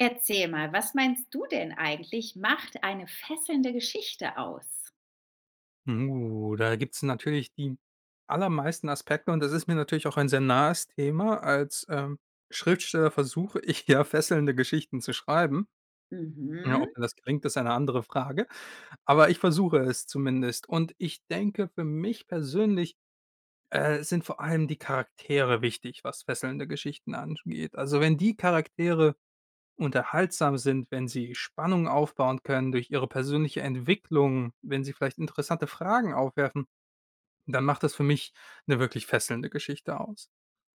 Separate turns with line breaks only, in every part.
Erzähl mal, was meinst du denn eigentlich, macht eine fesselnde Geschichte aus?
Hm, oh, da gibt es natürlich die allermeisten Aspekte und das ist mir natürlich auch ein sehr nahes Thema. Als, ähm, Schriftsteller versuche ich ja, fesselnde Geschichten zu schreiben. Ne, ob
Mhm.
das gelingt, ist eine andere Frage. Aber ich versuche es zumindest. Und, ich denke, für mich persönlich, äh, sind vor allem die Charaktere wichtig, was fesselnde Geschichten ansch geht. Also, wenn die Charaktere unterhaltsam sind, wenn sie Spannung aufbauen können durch ihre persönliche Entwicklung, wenn sie vielleicht interessante Fragen aufwerfen, dann macht das für mich 'ne wirklich fesselnde Geschichte aus.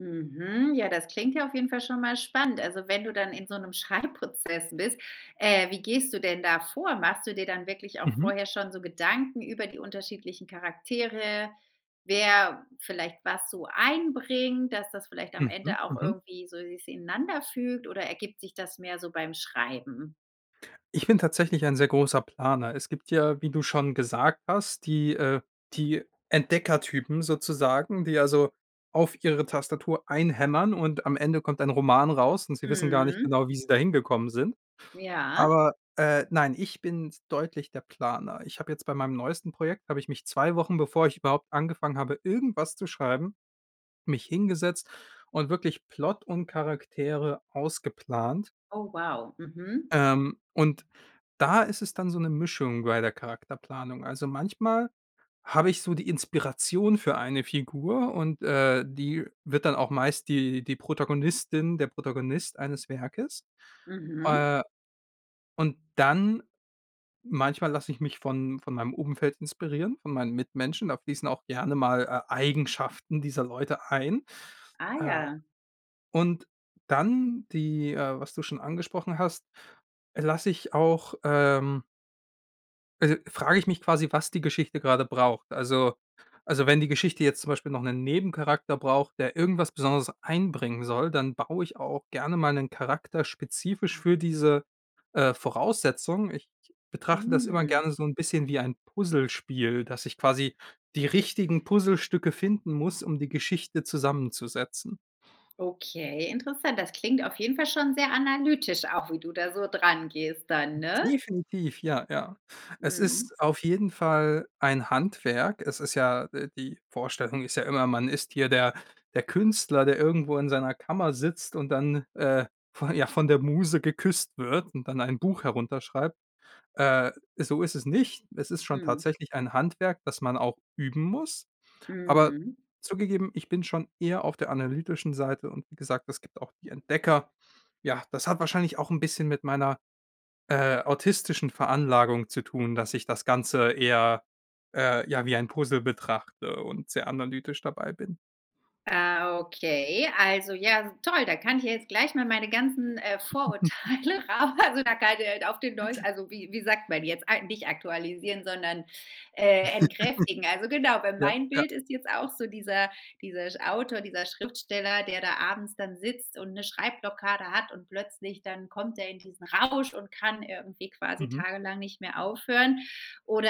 Mhm. Ja, das klingt ja auf jeden Fall schon mal spannend. Also, wenn du dann in so 'nem Schreibprozess bist, äh, wie gehst du denn da vor? Machst du dir dann wirklich auch
Mhm.
vorher schon so Gedanken über die unterschiedlichen Charaktere? Wer vielleicht was so einbringt, dass das vielleicht am
Mhm,
Ende auch
mhm.
irgendwie so si ineinanderfügt oder ergibt sich das mehr so beim Schreiben?
Ich bin tatsächlich ein sehr großer Planer. Es gibt ja, wie du schon gesagt hast, die, äh die Entdeckertypen sozusagen, die, also, auf ihre Tastatur einhämmern und am Ende kommt ein Roman raus und sie wissen gar nicht
Mhm.
genau, wie sie dahin gekommen sind.
Ja?
Aber, äh nein, ich bin deutlich der Planer. Ich habe jetzt bei meinem neuesten Projekt habe ich mich 2 Wochen, bevor ich überhaupt angefangen habe, irgendwas zu schreiben mich hingesetzt und wirklich Plot und Charaktere ausgeplant.
Oh, wow, mhm.
Ähm, und da ist es dann so 'ne Mischung bei der Charakterplanung. Also, manchmal habe ich so die Inspiration für eine Figur und, äh, die wird dann auch meist die die Protagonistin, der Protagonist eines Werkes.
Mhm.
Äh, und dann manchmal lasse ich mich von von meinem Umfeld inspirieren, von meinen Mitmenschen. Da fließen auch gerne mal, äh, Eigenschaften dieser Leute ein.
Ah,
Äh,
ja.
und dann die, äh was du schon angesprochen hast, lasse ich auch, ähm also, frage ich mich quasi, was die Geschichte grade braucht. Also also, wenn die Geschichte jetzt zum Beispiel noch 'nen Nebencharakter braucht, der irgendwas Besonderes einbringen soll, dann baue ich auch gerne mal 'nen Charakter spezifisch für diese, äh, Voraussetzung. Ich betrachte das immer
Mhm.
gerne so 'n bisschen wie ein Puzzlespiel, dass ich quasi die richtigen Puzzlestücke finden muss, um die Geschichte zusammenzusetzen.
Okay, interessant. Das klingt auf jeden Fall schon sehr analytisch, auch wie du da so drangehst dann, ne?
Definitiv, ja, ja. Es
Mhm.
ist auf jeden Fall ein Handwerk. Es ist ja, äh die Vorstellung ist ja immer, man ist hier der der Künstler, der irgendwo in seiner Kammer sitzt und dann, äh, von ja, von der Muse geküsst wird und dann ein Buch herunterschreibt. Äh, so ist es nicht. Es ist schon
Mhm.
tatsächlich ein Handwerk, das man auch üben muss. Aber
Mhm.
zugegeben, ich bin schon eher auf der analytischen Seite und wie gesagt, es gibt auch die Entdecker. Ja, das hat wahrscheinlich auch 'n bisschen mit meiner, äh, autistischen Veranlagung zu tun, dass ich das Ganze eher, äh, ja, wie ein Puzzle betrachte und sehr analytisch dabei bin.
Ah, okay. Also, ja, s toll. Da kann ich ja jetzt gleich mal meine ganzen, äh, Vorurteile raus, also, [unintelligible] auf den neus also, wie wie sagt man jetzt eig nicht aktualisieren, sondern, äh, entkräftigen. Also, genau, weil
Ja.
mein
Ja.
Bild ist jetzt auch so dieser dieser sch Autor, dieser Schriftsteller, der da abends dann sitzt und 'ne Schreibblockade hat und plötzlich dann kommt der in diesen Rausch und kann irgendwie quasi
Mhm.
tagelang nicht mehr aufhören.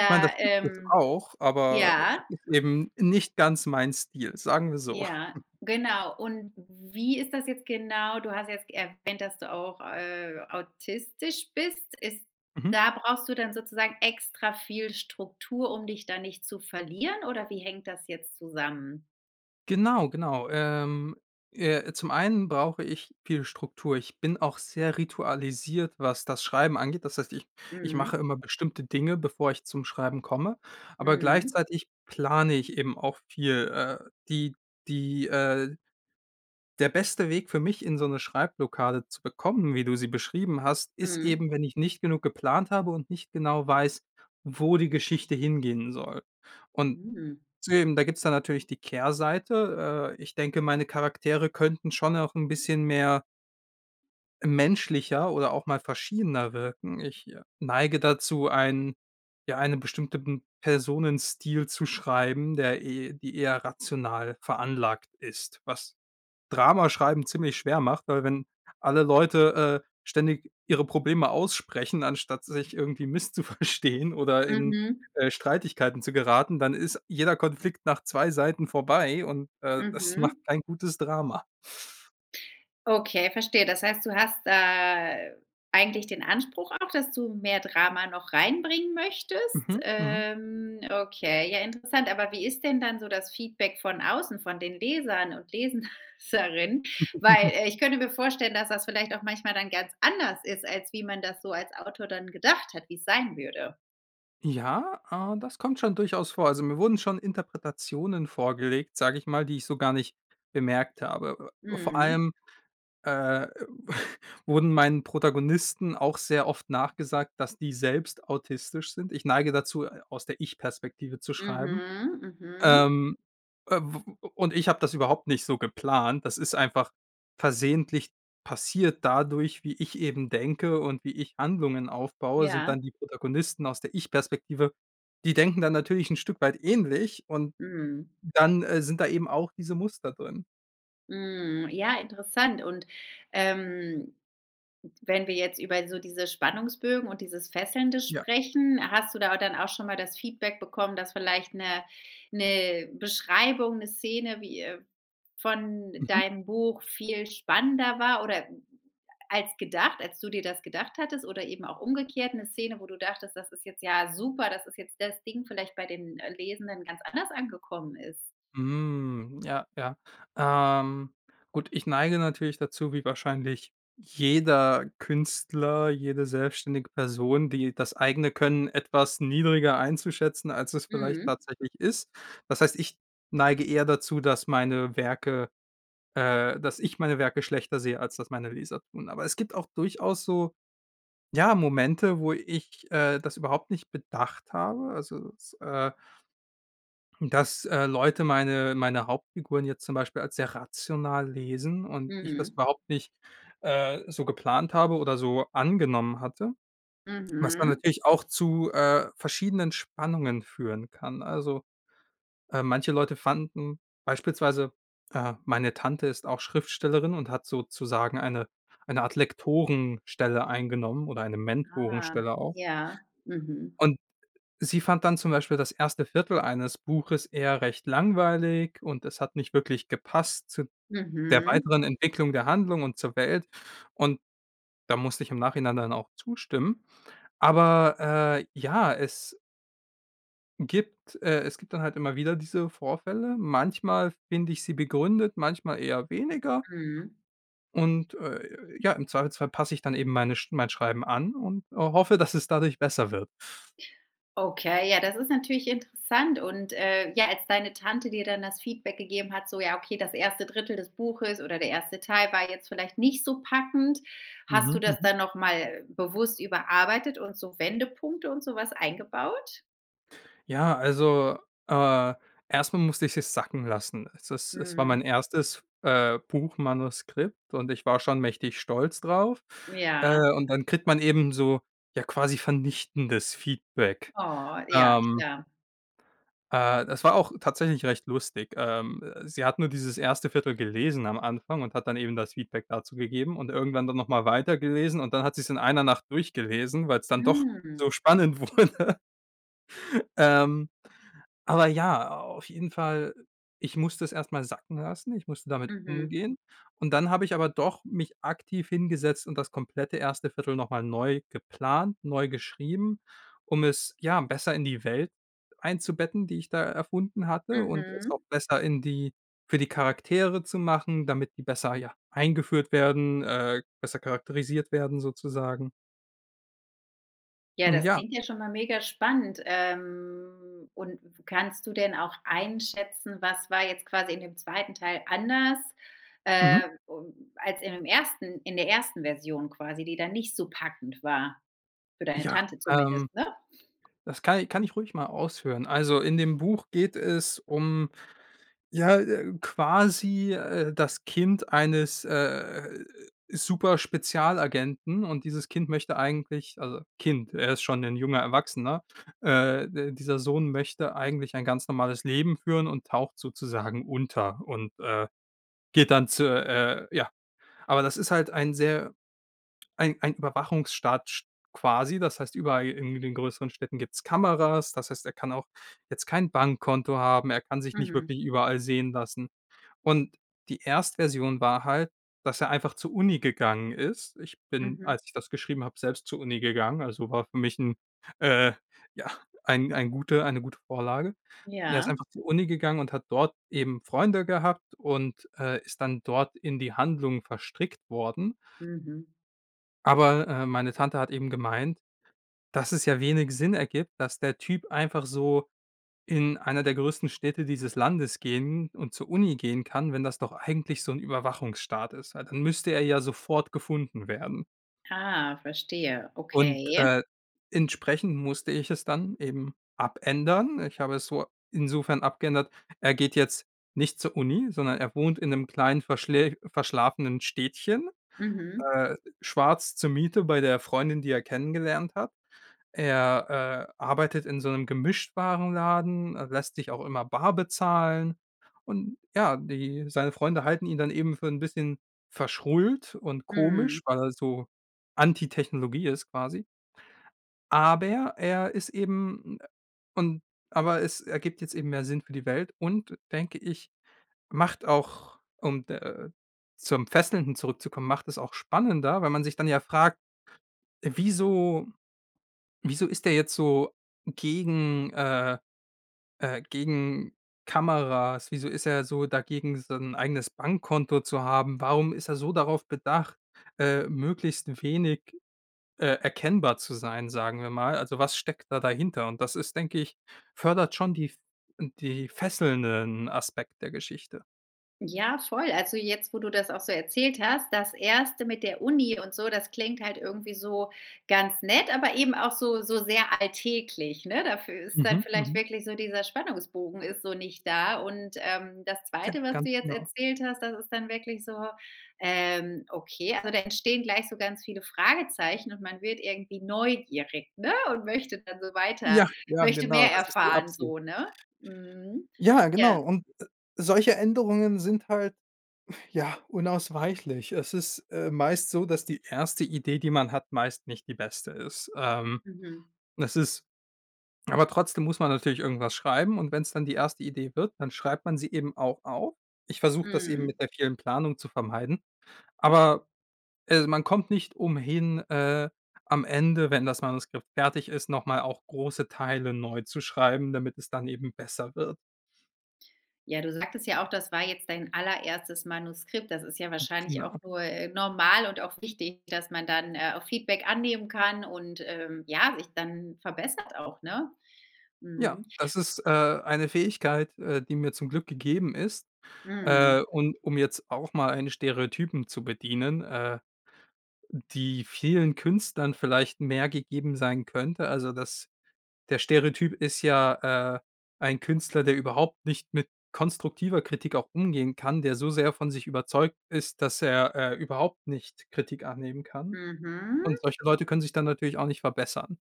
Ich meine, das gibt es
ähm
auch, aber
ja?
ist eben nicht ganz mein Stil. Sagen wir so.
Ja, genau. Und w wie ist das jetzt genau? Du hast jetzt erwähnt, dass du auch, äh, autistisch bist. Ist
Mhm.
da brauchst du dann sozusagen extra viel Struktur, um dich da nicht zu verlieren? Oder wie hängt das jetzt zusammen?
Genau, genau. Ähm, äh, zum einen brauche ich viel Struktur. Ich bin auch sehr ritualisiert, was das Schreiben angeht. Das heißt, ich ich
Mhm.
mache immer bestimmte Dinge, bevor ich zum Schreiben komme, aber
Mhm.
gleichzeitig plane ich eben auch viel, äh, die die, äh der beste Weg für mich, in so 'ne Schreibblockade zu bekommen, wie du sie beschrieben hast, ist
Mhm.
eben, wenn ich nicht genug geplant habe und nicht genau weiß, wo die Geschichte hingehen soll. Und
Mhm.
deswegen da gibt es dann natürlich die Kehrseite. Äh, ich denke, meine Charaktere könnten schon auch 'n bisschen mehr menschlicher oder auch mal verschiedener wirken. Ich neige dazu, einen ja, einen bestimmten Personenstil zu schreiben, der e die eher rational veranlagt ist, was Drama schreiben ziemlich schwer macht, weil wenn alle Leute, äh, ständig ihre Probleme aussprechen, anstatt sich irgendwie misszuverstehen oder in,
Mhm.
äh, Streitigkeiten zu geraten, dann ist jeder Konflikt nach 2 Seiten vorbei und, äh, das macht
Mhm.
kein gutes Drama.
Okay, verstehe. Das heißt, du hast da eigentlich den Anspruch auch, dass du mehr Drama noch reinbringen möchtest?
Mhm. Mhm.
Ähm, okay ja interessant. Aber wie ist denn dann so das Feedback von außen, von den Lesern und Leserinnen? Weil ich könnte mir vorstellen, dass das vielleicht auch manchmal dann ganz anders ist, als wie man das so als Autor dann gedacht hat, wie es sein würde.
Ja, äh, das kommt schon durchaus vor. Also, mir wurden schon Interpretationen vorgelegt, sage ich mal, die ich so gar nicht bemerkt habe. Äh, vor
Mhm.
allem, äh, w wurden meinen Protagonisten auch sehr oft nachgesagt, dass die selbst autistisch sind. Ich neige dazu, äh, aus der Ich-Perspektive zu schreiben.
Mhm, mhm.
Ähm, äh, w o und ich habe das überhaupt nicht so geplant. Das ist einfach versehentlich passiert dadurch, wie ich eben denke und wie ich Handlungen aufbaue sind
Ja.
dann die Protagonisten aus der Ich-Perspektive die denken dann natürlich 'n Stück weit ähnlich und
Mhm.
dann, äh, sind da eben auch diese Muster drin.
Mhm, ja, interessant. Und, ähm, wenn wir jetzt über so diese Spannungsbögen und dieses Fesselnde
Ja.
sprechen, hast du da au dann auch schon mal das Feedback bekommen, dass vielleicht 'ne 'ne Beschreibung, 'ne Szene, wie, äh von
Mhm.
deinem Buch viel spannender war oder als gedacht als du dir das gedacht hattest, oder eben auch umgekehrt 'ne Szene, wo du dachtest, das ist jetzt ja super, das ist jetzt das Ding, vielleicht bei den, äh, Lesenden ganz anders angekommen ist?
Hm, ja, ja. Ähm, gut, ich neige natürlich dazu, wie wahrscheinlich jeder Künstler, jede selbständige Person, die das eigene Können etwas niedriger einzuschätzen, als es vielleicht
Mhm.
tatsächlich ist. Das heißt, ich neige eher dazu, dass meine Werke, äh dass ich meine Werke schlechter sehe als das meine Leser tun. Aber es gibt auch durchaus so, ja, Momente, wo ich, äh, das überhaupt nicht bedacht habe, also, dass, äh dass, äh, Leute meine meine Hauptfiguren jetzt zum Beispiel als sehr rational lesen und ich das
Mhm.
überhaupt nicht, äh, so geplant habe oder so angenommen hatte, was dann
Mhm.
natürlich auch zu, äh, verschiedenen Spannungen führen kann. Also, äh, manche Leute fanden beispielsweise, äh meine Tante ist auch Schriftstellerin und hat sozusagen eine eine Art Lektorenstelle eingenommen oder eine
Ah,
Mentorenstelle auch
ja. mhm.
und sie fand dann zum Beispiel das 1. Viertel eines Buches eher recht langweilig und es hat nicht wirklich gepasst zu der
Mhm.
weiteren Entwicklung der Handlung und zur Welt, und da musste ich im Nachhinein dann auch zustimmen. Aber, äh, ja, es gibt äh, es gibt dann halt immer wieder diese Vorfälle. Manchmal finde ich sie begründet, manchmal eher weniger.
Mhm.
Und, äh, äh, ja, im Zweifelsfall passe ich dann eben meine Sch mein Schreiben an und hoffe, dass es dadurch besser wird.
Okay, ja, das ist natürlich interessant. Und, äh, ja, als deine Tante dir dann das Feedback gegeben hat, so: „Ja, okay, das 1. Drittel des Buches oder der 1. Teil war jetzt vielleicht nicht so packend.“ Hast du
Mhm.
das
Mhm.
dann noch mal bewusst überarbeitet und so Wendepunkte und so was eingebaut?
Ja, also, äh, erst mal musste ich es sacken lassen. Es ist es war mein
Mhm.
1, äh, Buchmanuskript und ich war schon mächtig stolz drauf. Äh,
Ja.
und dann kriegt man eben so, ja, quasi vernichtendes Feedback.
Oh, ja,
Ähm.
klar.
Äh, das war auch tatsächlich recht lustig. Ähm, äh, sie hat nur dieses erste 1/4 gelesen am Anfang und hat dann eben das Feedback dazu gegeben und irgendwann dann noch mal weitergelesen und dann hat sie's in 1 Nacht durchgelesen, weil's dann doch
Mhm.
so spannend wurde. Ähm. Aber ja, auf jeden Fall, ich musste es erst mal sacken lassen. Ich musste damit
Mhm.
umgehen. Und dann habe ich aber doch mich aktiv hingesetzt und das komplette erste 1/4 noch mal neu geplant, neu geschrieben, um es, ja, besser in die Welt einzubetten, die ich da erfunden hatte und es auch
Mhm.
besser in die für die Charaktere zu machen, damit die besser, ja, eingeführt werden, äh, besser charakterisiert werden sozusagen.
Ja,
Hm,
das
ja.
klingt ja schon mal mega spannend. Ähm. Und w kannst du denn auch einschätzen, was war jetzt quasi in dem 2 Teil anders,
Mhm.
äh, u als in dem 1 in der 1. Version quasi, die da nicht so packend war? Für deine
Ja,
Tante zumindest,
ähm.
ne?
Das kann i kann ich ruhig mal ausführen. Also, in dem Buch geht es um ja, äh, quasi, äh, das Kind eines, äh, Superspezialagenten. Und dieses Kind möchte eigentlich also Kind, er ist schon 'nen junger Erwachsener. Äh, d dieser Sohn möchte eigentlich ein ganz normales Leben führen und taucht sozusagen unter und, äh, geht dann zu, äh, ja. Aber das ist halt ein sehr, ein ein Überwachungsstaat sch quasi. Das heißt, überall irgendwie in den größeren Städten gibt's Kameras. Das heißt, er kann auch jetzt kein Bankkonto haben. Er kann sich nicht
Mhm.
wirklich überall sehen lassen. Und die Erstversion war halt, dass er einfach zur Uni gegangen ist. Ich bin,
Mhm.
als ich das geschrieben habe, selbst zur Uni gegangen. Also war für mich 'n äh, ja, ein ein gute eine gute Vorlage. Und er ist
Ja?
einfach zur Uni gegangen und hat dort eben Freunde gehabt und, äh, ist dann dort in die Handlung verstrickt worden.
Mhm.
Aber, äh, meine Tante hat eben gemeint, dass es ja wenig Sinn ergibt, dass der Typ einfach so in einer der größten Städte dieses Landes gehen und zur Uni gehen kann, wenn das doch eigentlich so 'n Überwachungsstaat ist. A dann müsste er ja sofort gefunden werden.
Ah, verstehe,
Und,
okay.
äh, entsprechend musste ich es dann eben abändern. Ich habe es so insofern abgeändert: Er geht jetzt nicht zur Uni, sondern er wohnt in 'nem kleinen verschlä verschlafenen Städtchen,
Mhm.
äh, schwarz zur Miete bei der Freundin, die er kennengelernt hat. Er, äh, arbeitet in so 'nem Gemischtwarenladen, er lässt sich auch immer bar bezahlen. Und ja, die seine Freunde halten ihn dann eben für 'n bisschen verschrullt und komisch,
Mhm.
weil er so anti Technologie ist quasi. Aber er ist eben, äh und aber es ergibt jetzt eben mehr Sinn für die Welt und, denke ich, macht auch, um d äh, zum Fesselnden zurückzukommen, macht es auch spannender, weil man sich dann ja fragt: „Wieso wieso ist der jetzt so gegen äh, äh, gegen Kameras? Wieso ist er so dagegen, sein eigenes Bankkonto zu haben? Warum ist er so darauf bedacht, äh, möglichst wenig, äh, erkennbar zu sein, sagen wir mal? Also was steckt da dahinter?“ Und das ist, denke ich fördert schon die f die fesselnden Aspekt der Geschichte.
Ja, voll, also, jetzt, wo du das auch so erzählt hast, das 1. mit der Uni und so, das klingt halt irgendwie so ganz nett, aber eben auch so so sehr alltäglich, ne? Dafür ist dann
Mhm,
vielleicht
mhm.
wirklich so dieser Spannungsbogen ist so nicht da. Und, ähm, das
Ja,
2. was
ganz
du jetzt
genau.
erzählt hast, das ist dann wirklich so, ähm, okay, also da entstehen gleich so ganz viele Fragezeichen, und man wird irgendwie neugierig, ne? Und möchte dann so
Ja,
weiter
ja,
möchte
genau.
mehr
Das ist die
erfahren
Absicht.
so, ne? Mhm.
Ja, genau
Ja.
und, äh, solche Änderungen sind halt, ja, unausweichlich. Es ist, äh, meist so, dass die 1. Idee, die man hat, meist nicht die beste ist. Ähm,
Mhm.
es ist aber trotzdem muss man natürlich irgendwas schreiben, und wenn es dann die 1. Idee wird, dann schreibt man sie eben auch auf. Ich versuche das eben
Mhm.
mit der vielen Planung zu vermeiden. Aber, äh, man kommt nicht umhin, äh, am Ende, wenn das Manuskript fertig ist, noch mal auch große Teile neu zu schreiben, damit es dann eben besser wird.
Ja, du sagtest ja auch, das war jetzt dein allererstes Manuskript. Das ist ja
Mhm.
wahrscheinlich
Genau.
auch nur, äh, normal und auch wichtig, dass man dann, äh, auch Feedback annehmen kann und, ähm, ja, sich dann verbessert auch, ne?
Ja,
Mhm.
das ist, äh, eine Fähigkeit, äh, die mir zum Glück gegeben ist,
Mhm.
äh, und um jetzt auch mal einen Stereotypen zu bedienen, äh, die vielen Künstlern vielleicht mehr gegeben sein könnte, also, das der Stereotyp ist ja, äh, ein Künstler, der überhaupt nicht mit konstruktiver Kritik auch umgehen kann, der so sehr von sich überzeugt ist, dass er, äh, überhaupt nicht Kritik annehmen kann. Und
Mhm.
solche Leute können sich dann natürlich auch nicht verbessern.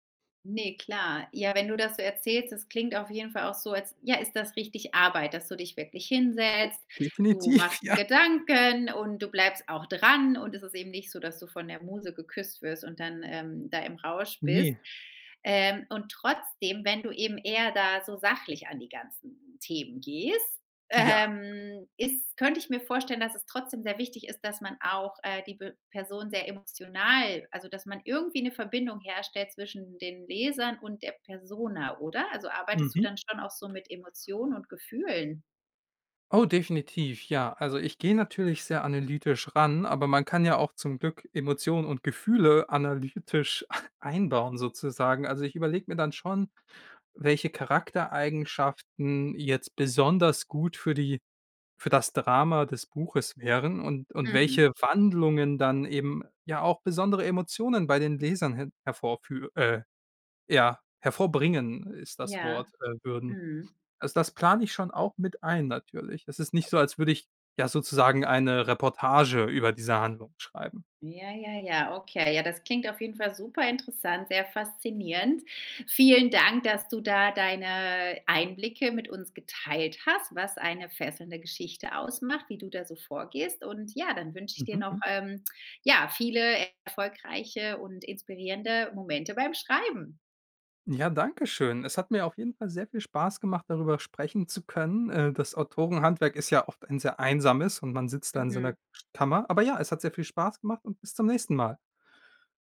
Ne, klar. Ja, wenn du das so erzählst, das klingt auf jeden Fall auch so, als ja, ist das richtig Arbeit, dass du dich wirklich hinsetzt. Du
Definitiv,
machst dir
ja.
Gedanken und du bleibst auch dran. Und es ist eben nicht so, dass du von der Muse geküsst wirst und dann, ähm, da im Rausch bist.
Ne.
Ähm, und trotzdem, wenn du eben eher da so sachlich an die ganzen Themen gehst,
Ja.
ähm, ist könnte ich mir vorstellen, dass es trotzdem sehr wichtig ist, dass man auch, äh, die B Person sehr emotional also, dass man irgendwie 'ne Verbindung herstellt zwischen den Lesern und der Persona, oder? Also, arbeitest du
Mhm.
dann schon auch so mit Emotionen und Gefühlen?
Oh, definitiv, ja. Also, ich gehe natürlich sehr analytisch ran, aber man kann ja auch zum Glück Emotionen und Gefühle analytisch einbauen sozusagen. Also, ich überlege mir dann schon, welche Charaktereigenschaften jetzt besonders gut für die für das Drama des Buches wären und und
Mhm.
welche Wandlungen dann eben ja auch besondere Emotionen bei den Lesern hen hervorfü äh, ja, hervorbringen ist das
Ja,
Wort, äh, würden.
mhm.
Also, das plane ich schon auch mit ein natürlich. Es ist nicht so, als würde ich, ja, sozusagen eine Reportage über diese Handlung schreiben.
Ja, ja, ja. Okay. Ja, das klingt auf jeden Fall super interessant, sehr faszinierend. Vielen Dank, dass du da deine Einblicke mit uns geteilt hast, was eine fesselnde Geschichte ausmacht, wie du da so vorgehst. Und ja, dann wünsche ich dir noch,
Mhm.
ähm, ja, viele erfolgreiche und inspirierende Momente beim Schreiben.
Ja, danke schön. Es hat mir auf jeden Fall sehr viel Spaß gemacht, darüber sprechen zu können. Äh, das Autorenhandwerk ist ja oft ein sehr Einsames und man sitzt da in seiner
Mhm.
Kammer. Aber ja, es hat sehr viel Spaß gemacht und bis zum nächsten Mal.